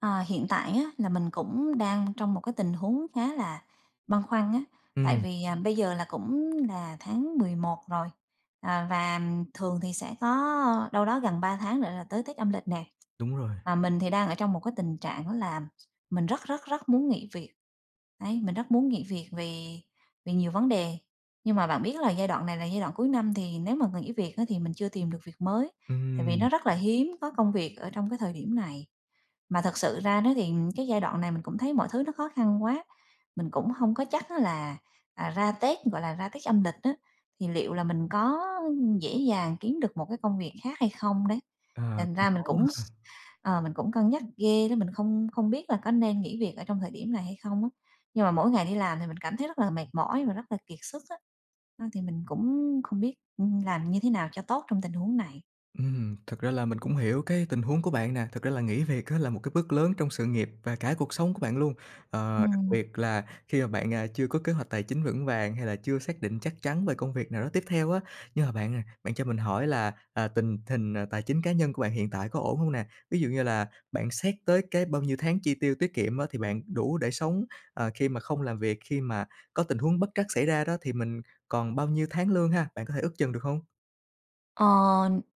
Ờ, hiện tại á là mình cũng đang trong một cái tình huống khá là băn khoăn á, tại Ừm. vì, à, bây giờ là cũng là tháng 11 rồi, à, và thường thì sẽ có đâu đó gần 3 tháng nữa là tới Tết âm lịch nè. Đúng rồi. Và mình thì đang ở trong một cái tình trạng đó là mình rất rất rất muốn nghỉ việc. Đấy, mình rất muốn nghỉ việc vì vì nhiều vấn đề, nhưng mà bạn biết là giai đoạn này là giai đoạn cuối năm thì nếu mà nghỉ việc á thì mình chưa tìm được việc mới, tại vì Ừm. nó rất là hiếm có công việc ở trong cái thời điểm này. Mà thật sự ra đó thì cái giai đoạn này mình cũng thấy mọi thứ nó khó khăn quá, mình cũng hông có chắc á là, à, ra Tết, gọi là, ra Tết âm lịch á, thì liệu là mình có dễ dàng kiếm được một cái công việc khác hay không đấy. Ờ, Thành cũng ra mình khó quá cũng ha! s ờ, mình cũng cân nhắc ghê đó, mình không không biết là có nên nghỉ việc ở trong thời điểm này hay không á. Nhưng mà mỗi ngày đi làm thì mình cảm thấy rất là mệt mỏi và rất là kiệt sức á, ờ, thì mình cũng không biết, ừm, làm như thế nào cho tốt trong tình huống này. Ừm, thật ra là mình cũng hiểu cái tình huống của bạn nè. Thực ra là nghỉ việc á là một cái bước lớn trong sự nghiệp và cả cuộc sống của bạn luôn. Ờ, đặc Ừm. biệt là khi mà bạn, à, chưa có kế hoạch tài chính vững vàng hay là chưa xác định chắc chắn về công việc nào đó tiếp theo á. Nhưng mà bạn à, bạn cho mình hỏi là, à, tình hình tài chính cá nhân của bạn hiện tại có ổn hông nè? Ví dụ như là bạn xét tới cái bao nhiêu tháng chi tiêu tiết kiệm á thì bạn đủ để sống, ờ, khi mà không làm việc, khi mà có tình huống bất trắc xảy ra đó thì mình còn bao nhiêu tháng lương ha? Bạn có thể ước chừng được hông? Ờ,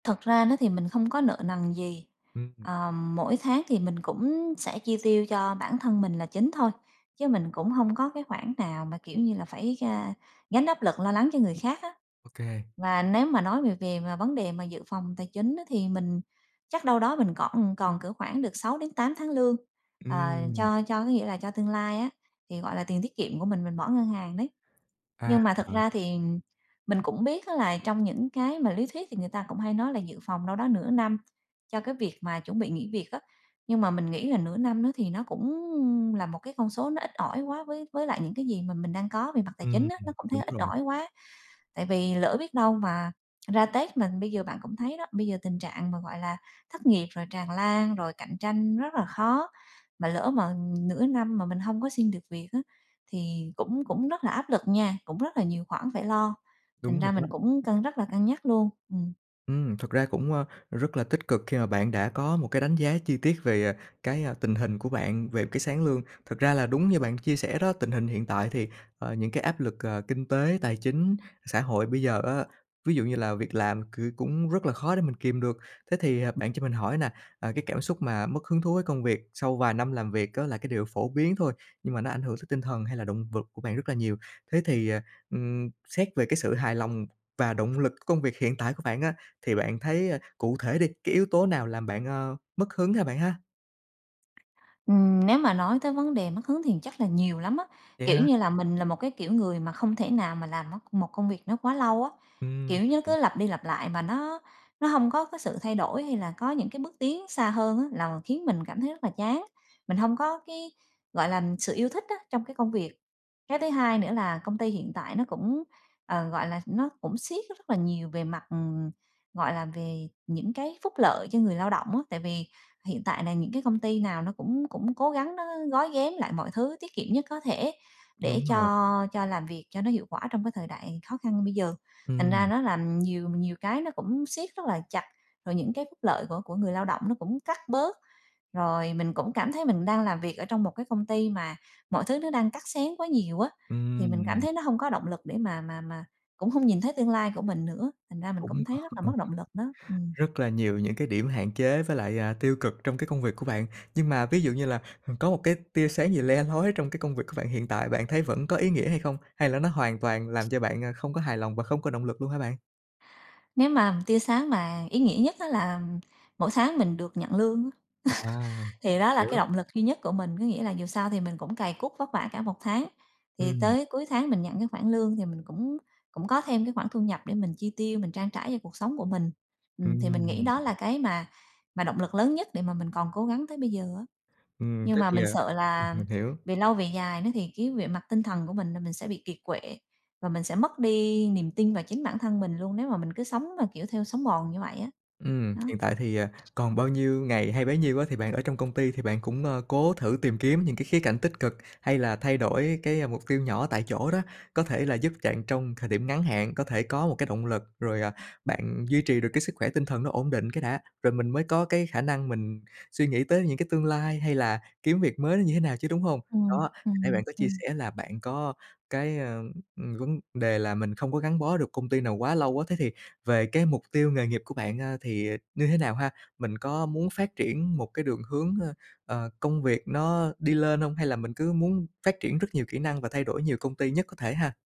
thật ra nó thì mình không có nợ nần gì, Ừm. ờ, mỗi tháng thì mình cũng sẽ chi tiêu cho bản thân mình là chính thôi, chứ mình cũng hông có cái khoản nào mà, kiểu như là, phải, a, gánh áp lực lo lắng cho người khác á. OK. Và nếu mà nói về về mà vấn đề mà dự phòng tài chính á, thì mình chắc đâu đó mình còn còn cỡ khoảng được 6 đến 8 tháng lương, ờ, Ừm. cho cho có nghĩa là cho tương lai á, thì, gọi là, tiền tiết kiệm của mình mình bỏ ngân hàng đấy. À. Nhưng mà thật ra thì mình cũng biết á, là trong những cái mà lý thuyết thì người ta cũng hay nói là dự phòng đâu đó nửa năm cho cái việc mà chuẩn bị nghỉ việc á, nhưng mà mình nghĩ là nửa năm đó thì nó cũng là một cái con số nó ít ỏi quá với với lại những cái gì mà mình đang có về mặt tài Ừm, chính á, nó vẫn đúng thấy ít rồi. ỏi quá. Tại vì lỡ biết đâu mà, ra Tết mà bây giờ bạn cũng thấy đó, bây giờ tình trạng mà, gọi là, thất nghiệp rồi tràn lan, rồi cạnh tranh rất là khó, mà lỡ mà nửa năm mà mình hông có xin được việc á, thì cũng cũng rất là áp lực nha, cũng rất là nhiều khoản phải lo, thành Đúng rồi ra đó. mình cũng cân rất là cân nhắc luôn, ừm. Ừm, thật ra cũng, a, rất là tích cực khi mà bạn đã có một cái đánh giá chi tiết về cái, à, tình hình của bạn về cái sáng lương. Thực ra là đúng như bạn chia sẻ đó, tình hình hiện tại thì, ờ, những cái áp lực, ờ, kinh tế, tài chính, xã hội bây giờ á, ví dụ như là việc làm cừ cũng rất là khó để mình kìm được. Thế thì, à, bạn cho mình hỏi nà, à, cái cảm xúc mà mất hứng thú với công việc sau vài năm làm việc á, là cái điều phổ biến thôi, nhưng mà nó ảnh hưởng tới tinh thần hay là động vực của bạn rất là nhiều. Thế thì, ờ, ừm, xét về cái sự hài lòng và động lực công việc hiện tại của bạn á, thì bạn thấy, à, cụ thể đi, cái yếu tố nào làm bạn, ơ, mất hứng ha, bạn ha? Ừm, nếu mà nói tới vấn đề mất hứng thì chắc là nhiều lắm á, Vậy kiểu hả? như là mình là một cái kiểu người mà không thể nào mà làm mốt một công việc nó quá lâu á, Ừm. kiểu nó cứ lặp đi lặp lại mà nó nó hông có cái sự thay đổi hay là có những cái bước tiến xa hơn á, là khiến mình cảm thấy rất là chán. Mình hông có cái, gọi là, sự yêu thích á, trong cái công việc. Cái thứ hai nữa là công ty hiện tại nó cũng, ờ, gọi là, nó cũng siết rất rất nhiều về mặt, ừm, gọi là, về những cái phúc lợi cho người lao động á. Tại vì hiện tại là những cái công ty nào nó cũng cũng cố gắng nó gói ghém lại mọi thứ tiết kiệm nhất có thể, để Đúng rồi. cho cho làm việc cho nó hiệu quả trong cái thời đại khó khăn như bây giờ. Thành ra Ừm. nó làm nhiều nhiều cái nó cũng siết rất là chặt, rồi những cái phúc lợi của của người lao động nó cũng cắt bớt, rồi mình cũng cảm thấy mình đang làm việc ở trong một cái công ty mà mọi thứ nó đang cắt xén quá nhiều á, thì mình cảm Ừm. thấy nó hông có động lực để mà mà mà cũng hông nhìn thấy tương lai của mình nữa, thành ra mình Cũng cũng thấy rất là còn mất động lực đó, ừm. rất là nhiều những cái điểm hạn chế với lại, à, tiêu cực trong cái công việc của bạn. Nhưng mà ví dụ như là h có một cái tia sáng gì le lói trong cái công việc của bạn hiện tại, bạn thấy vẫn có ý nghĩa hay không? Hay là nó hoàn toàn làm cho bạn, à, không có hài lòng và không có động lực luôn hả bạn? Nếu mà tia sáng mà ý nghĩa nhất á là mỗi tháng mình được nhận lương á, À, thì đó là cái hiểu. động lực duy nhất của mình. Có nghĩa là dù sao thì mình cũng cày cuốc vất vả cả một tháng, thì Ừm. tới cuối tháng mình nhận cái khoản lương thì mình cũng cũng có thêm cái khoản thu nhập để mình chi tiêu, mình trang trải cho cuộc sống của mình. Ừm, thì mình nghĩ Ừm. đó là cái mà mà động lực lớn nhất để mà mình còn cố gắng tới bây giờ á. Ừm, Nhưng thế mà thì, mình ờ sợ ừm, là mình hiểu. về lâu về dài đó thì cái về mặt tinh thần của mình là mình sẽ bị kiệt quệ, và mình sẽ mất đi niềm tin vào chính bản thân mình luôn nếu mà mình cứ sống mà, kiểu, theo sống mòn như vậy á, Ừ, đó. hiện tại thì, ờ, còn bao nhiêu ngày hay bấy nhiêu á, thì bạn ở trong công ty thì bạn cũng, ơ, cố thử tìm kiếm những cái khía cạnh tích cực, hay là thay đổi cái mục tiêu nhỏ tại chỗ đó, có thể là giúp chạn trong thời điểm ngắn hạn, có thể có một cái động lực, rồi, à, bạn duy trì được cái sức khỏe tinh thần nó ổn định cái đã, rồi mình mới có cái khả năng mình suy nghĩ tới những cái tương lai hay là kiếm việc mới nó như thế nào chứ, đúng hông? Đó, Ừm, hồi nãy ừm, bạn có chia ừm. sẻ là bạn có cái, ờ, ừm, vấn đề là mình không có gắn bó được công ty nào quá lâu á, thế thì về cái mục tiêu nghề nghiệp của bạn, a, thì như thế nào ha? Mình có muốn phát triển một cái đường hướng, ơ, ờ, công việc nó đi lên hông hay là mình cứ muốn phát triển rất nhiều kỹ năng và thay đổi nhiều công ty nhất có thể ha?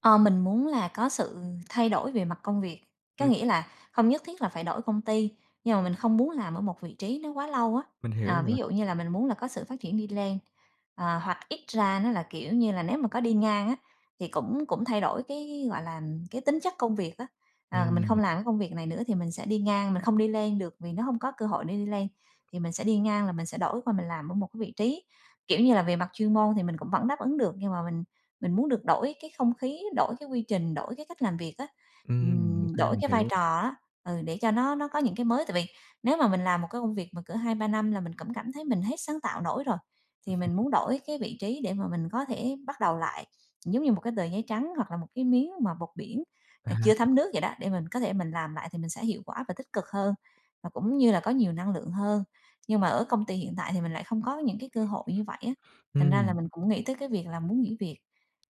Ờ, mình muốn là có sự thay đổi về mặt công việc, có Ừm. nghĩa là không nhất thiết là phải đổi công ty nhưng mà mình không muốn làm ở một vị trí nó quá lâu á. Mình hiểu Ờ, nữa. ví dụ như là mình muốn là có sự phát triển đi lên, ờ, hoặc ít ra nó là, kiểu như là, nếu mà có đi ngang á, thì cũng cũng thay đổi cái gọi là, cái tính chất công việc á. Ờ, mình không Ừm. làm cái công việc này nữa thì mình sẽ đi ngang, mình không đi lên được vì nó hông có cơ hội để đi lên, thì mình sẽ đi ngang là mình sẽ đổi qua mình làm ở một cái vị trí, kiểu như là, về mặt chuyên môn thì mình cũng vẫn đáp ứng được nhưng mà mình mình muốn được đổi cái không khí, đổi cái quy trình, đổi cái cách làm việc á, Ừm, ô ừm, kê, đổi mình cái vai hiểu. trò á, ừ, để cho nó nó có những cái mới. Tại vì nếu mà mình làm một cái công việc mà cỡ 2-3 năm là mình cũng cảm thấy mình hết sáng tạo nổi rồi, thì mình muốn đổi cái vị trí để mà mình có thể bắt đầu lại, giống như 1 cái tờ giấy trắng hoặc là 1 cái miếng mà bọt biển, ờ, À. chưa thấm nước vậy đó, để mình có thể mình làm lại thì mình sẽ hiệu quả và tích cực hơn và cũng như là có nhiều năng lượng hơn. Nhưng mà ở công ty hiện tại thì mình lại không có những cái cơ hội như vậy á, thành ra là Ừm. mình cũng nghĩ tới cái việc là muốn nghỉ việc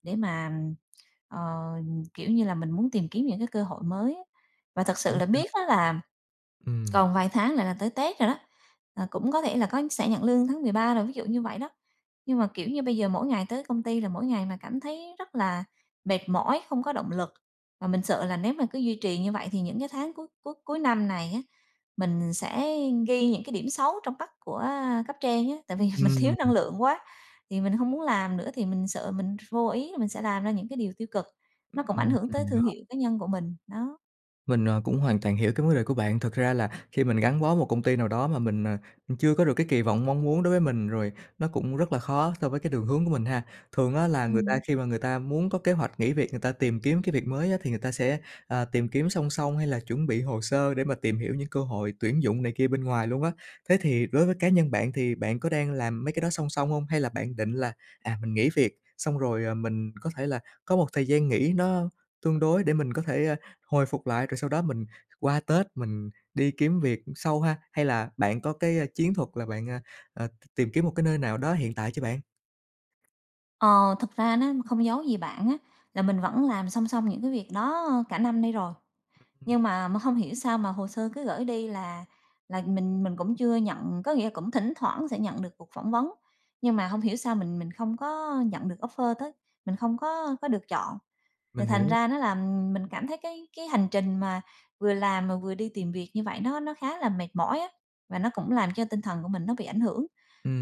để mà, ừm, ờ, kiểu như là, mình muốn tìm kiếm những cái cơ hội mới á và thật sự Hổng là sao. biết á là Ừm. còn vài tháng là là tới tết rồi đó, ờ, cũng có thể là có sẽ nhận lương tháng 13 rồi, ví dụ như vậy đó. Nhưng mà, kiểu như, bây giờ mỗi ngày tới công ty là mỗi ngày mà cảm thấy rất là mệt mỏi, không có động lực và mình sợ là nếu mà cứ duy trì như vậy thì những cái tháng cuối cuối cuối năm này á, mình sẽ ghi những cái điểm xấu trong mắt của cấp trên á, tại Ừm, vì mình thiếu ừm, năng ừm. lượng quá. Thì mình hông muốn làm nữa thì mình sợ mình ph vô ý là mình sẽ làm ra những cái điều tiêu cực, Ừ, nó cũng ảnh ừm, hưởng tới ừm. thương [unintelligible] hiệu cá nhân của mình, đó. Mình, ờ, cũng hoàn toàn hiểu cái vấn đề của bạn, thực ra là khi mình gắn bó một công ty nào đó mà mình, à, chưa có được cái kỳ vọng mong muốn đối với mình, rồi nó cũng rất là khó so với cái đường hướng của mình ha. Thường á là người ta Ừm. khi mà người ta muốn có kế hoạch nghỉ việc, người ta tìm kiếm cái việc mới á thì người ta sẽ, ờ, tìm kiếm song song, hay là chuẩn bị hồ sơ để mà tìm hiểu những cơ hội tuyển dụng này kia bên ngoài luôn á. Thế thì đối với cá nhân bạn thì bạn có đang làm mấy cái đó song song hông? Hay là bạn định là, à, mình nghỉ việc xong rồi, à, mình có thể là có một thời gian nghỉ nó tương đối để mình có thể, a, hồi phục lại, rồi sau đó mình qua Tết mình đi kiếm việc sau ha? Hay là bạn có cái, a, chiến thuật là bạn, a, a, tìm kiếm một cái nơi nào đó hiện tại chưa bạn? Ờ, thực ra nó không giấu gì bạn á, là mình vẫn làm song song những cái việc đó cả năm nay rồi, [unintelligible] Ừm. nhưng mà mà hông hiểu sao mà hồ sơ cứ gửi đi là là mình mình cũng chưa nhận, có nghĩa là cũng thỉnh thoảng sẽ nhận được cuộc phỏng vấn, nhưng mà hông hiểu sao mình mình không có nhận được offer tới, mình không có có được chọn. Thì Mình thành hiểu. ra nó làm mình cảm thấy cái cái cái hành trình mà vừa làm mà vừa đi tìm việc như vậy, nó nó khá là mệt mỏi á, và nó cũng làm cho tinh thần của mình nó bị ảnh hưởng.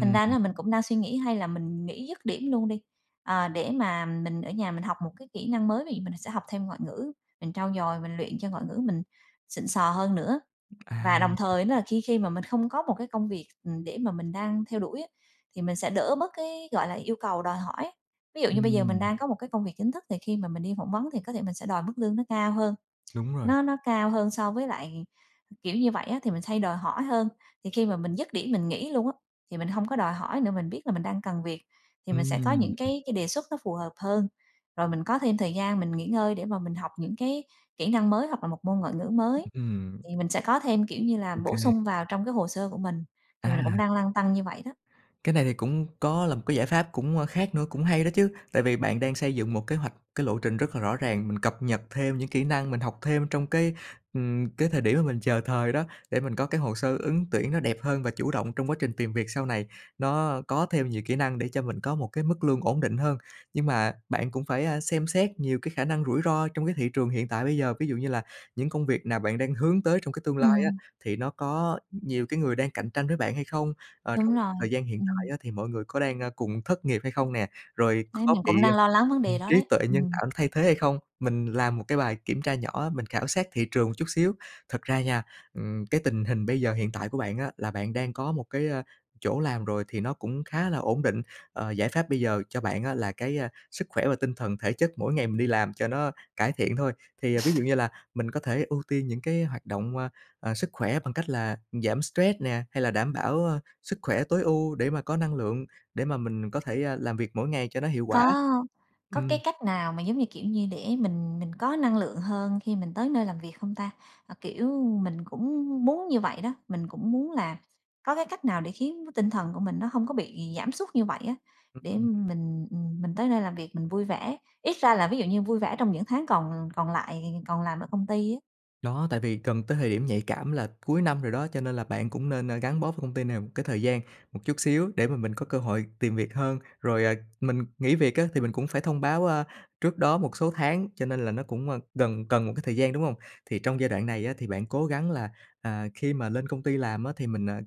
Thành ra ná hừm. là mình cũng đang suy nghĩ hay là mình nghỉ dứt điểm luôn đi, ờ, để mà mình ở nhà mình học một cái kỹ năng mới vì mình sẽ học thêm ngoại ngữ, mình trau dồi, mình luyện cho ngoại ngữ mình xịn sò hơn nữa. À Và đồng [unintelligible] thời nó là khi khi mà mình không có một cái công việc, ừm, để mà mình đang theo đuổi á thì mình sẽ đỡ bớt cái, gọi là, yêu cầu đòi hỏi. Ví dụ như bây giờ mình Ừm. đang có một cái công việc chính thức thì khi mà mình đi phỏng vấn thì có thể mình sẽ đòi mức lương nó cao hơn. Đúng rồi. Nó nó cao hơn so với lại kiểu như vậy á thì mình hay đòi hỏi hơn, thì khi mà mình dứt điểm mình nghỉ luôn á, thì mình hông có đòi hỏi nữa, mình biết là mình đang cần việc thì mình sẽ có Ừm. những cái cái đề xuất nó phù hợp hơn, rồi mình có thêm thời gian mình nghỉ ngơi để mà mình học những cái kỹ năng mới, hoặc là một môn ngoại ngữ mới. Ừm. Thì mình sẽ có thêm kiểu như là, bổ OK. sung vào trong cái hồ sơ của mình, thì mình là cũng À. đang lăn tăn như vậy đó. Cái này thì cũng có là một cái giải pháp cũng, ơ, khác nữa, cũng hay đó chứ, tại vì bạn đang xây dựng một kế hoạch, cái lộ trình rất là rõ ràng, mình cập nhật thêm những kỹ năng, mình học thêm trong cái, ừm, cái thời điểm mà mình chờ thời đó, để mình có cái hồ sơ ứng tuyển nó đẹp hơn và chủ động trong quá trình tìm việc sau này, nó có thêm nhiều kỹ năng để cho mình có một cái mức lương ổn định hơn. Nhưng mà bạn cũng phải, a, xem xét nhiều cái khả năng rủi ro trong cái thị trường hiện tại bây giờ, ví dụ như là những công việc nào bạn đang hướng tới trong cái tương lai á, Ừm. thì nó có nhiều cái người đang cạnh tranh với bạn hay không? Ờ, Đúng trong rồi. thời gian hiện tại Ừm. á thì mọi người có đang, a, cùng thất nghiệp hay không nè? Rồi Đấy, có mình bị, cũng đang lo lắng vấn đề ừm, đó trí đấy, tuệ nhân ừm. tạo thay thế hay không? Mình làm 1 cái bài kiểm tra nhỏ á, mình khảo sát thị trường một chút xíu, thật ra nha, ừm, cái tình hình bây giờ hiện tại của bạn á là bạn đang có một cái, ơ, chỗ làm rồi thì nó cũng khá là ổn định. Ờ, giải pháp bây giờ cho bạn á là cái, a, sức khỏe và tinh thần thể chất mỗi ngày mình đi làm cho nó cải thiện thôi. Thì ví dụ như là mình có thể ưu tiên những cái hoạt động, a, ờ, sức khỏe bằng cách là giảm stress nè, hay là đảm bảo sức khỏe tối ưu để mà có năng lượng, để mà mình có thể, a, làm việc mỗi ngày cho nó hiệu quả. Có có Ừm. cái cách nào mà giống như kiểu như để mình mình có năng lượng hơn khi mình tới nơi làm việc không ta? À, kiểu, mình cũng muốn như vậy đó, mình cũng muốn là có cái cách nào để khiến nó tinh thần của mình nó hông có bị giảm sút như vậy á, Ừ, để, ừm. ừm, mình ừm, mình tới nơi làm việc mình vui vẻ, ít ra là ví dụ như vui vẻ trong những tháng còn l còn lại, còn làm ở công ty á. Đó, tại vì gần tới thời điểm nhạy cảm là cuối năm rồi đó, cho nên là bạn cũng nên, a, gắn bó với công ty này một cái thời gian một chút xíu để mà mình có cơ hội tìm việc hơn. Rồi, à, mình nghỉ việc á, thì mình cũng phải thông báo, a, trước đó một số tháng, cho nên là nó cũng, ơ, gần cần một cái thời gian, đúng hông? Thì trong giai đoạn này á, thì bạn cố gắng là, à, khi mà lên công ty làm á, thì mình, à,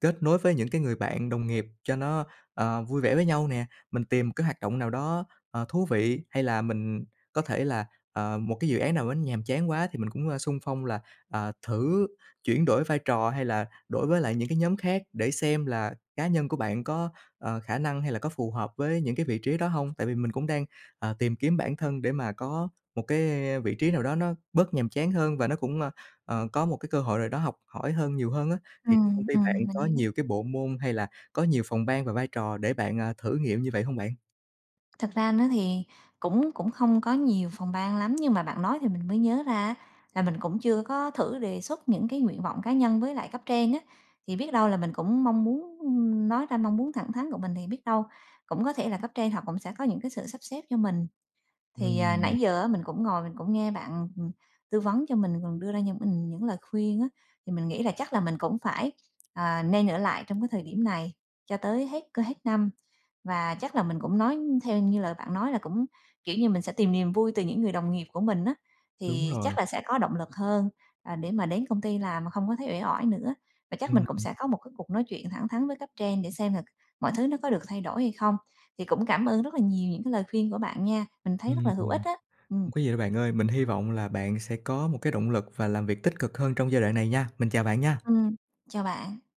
kết nối với những cái người bạn đồng nghiệp cho nó, ờ, vui vẻ với nhau nè, mình tìm một cái hoạt động nào đó, ờ, thú vị hay là mình có thể là, ờ, một cái dự án nào á, nhàm chán quá thì mình cũng, a, xung phong là, à, thử chuyển đổi vai trò hay là đổi với lại những cái nhóm khác, để xem là cá nhân của bạn có, ờ, khả năng hay là có phù hợp với những cái vị trí đó hông. Tại vì mình cũng đang, à, tìm kiếm bản thân để mà có một cái vị trí nào đó nó bớt nhàm chán hơn, và nó cũng, ơ, ờ, có một cái cơ hội nào đó học hỏi hơn nhiều hơn á. Thì cái công Ừm, ty bạn ừm, mình có hiểu. nhiều cái bộ môn, hay là có nhiều phòng ban và vai trò để bạn, à, thử nghiệm như vậy hông bạn? Thật ra nó thì cũng cũng không có nhiều phòng ban lắm, nhưng mà bạn nói thì mình mới nhớ ra á, là mình cũng chưa có thử đề xuất những cái nguyện vọng cá nhân với lại cấp trên á, thì biết đâu là mình cũng mong muốn ưm, nói ra mong muốn thẳng thắn của mình, thì biết đâu cũng có thể là cấp trên họ cũng sẽ có những cái sự sắp xếp cho mình. Thì, à, Ừm. nãy giờ á, mình cũng ngồi mình cũng nghe bạn, ừm, tư vấn cho mình còn đưa ra cho mình những lời khuyên á, thì mình nghĩ là chắc là mình cũng phải, à, nên ở lại trong cái thời điểm này cho tới hết cơ hết năm. Và chắc là mình cũng nói theo như lời bạn nói là cũng kiểu như, mình sẽ tìm niềm vui từ những người đồng nghiệp của mình á, Đúng thì rồi. chắc là sẽ có động lực hơn, à, để mà đến công ty làm mà không có thấy uể oải nữa. Và chắc mình Ừm, cũng ừm. sẽ có một cái cuộc nói chuyện thẳng thắn với cấp trên, để xem là mọi thứ nó có được thay đổi hay không. Thì cũng cảm ơn rất là nhiều những cái lời khuyên của bạn nha, mình thấy rất Ừm, là hữu ích ừm. á, ừm. Hông có gì đâu bạn ơi, mình hy vọng là bạn sẽ có một cái động lực, và làm việc tích cực hơn trong giai đoạn này nha, mình chào bạn nha. Ừm. Chào bạn.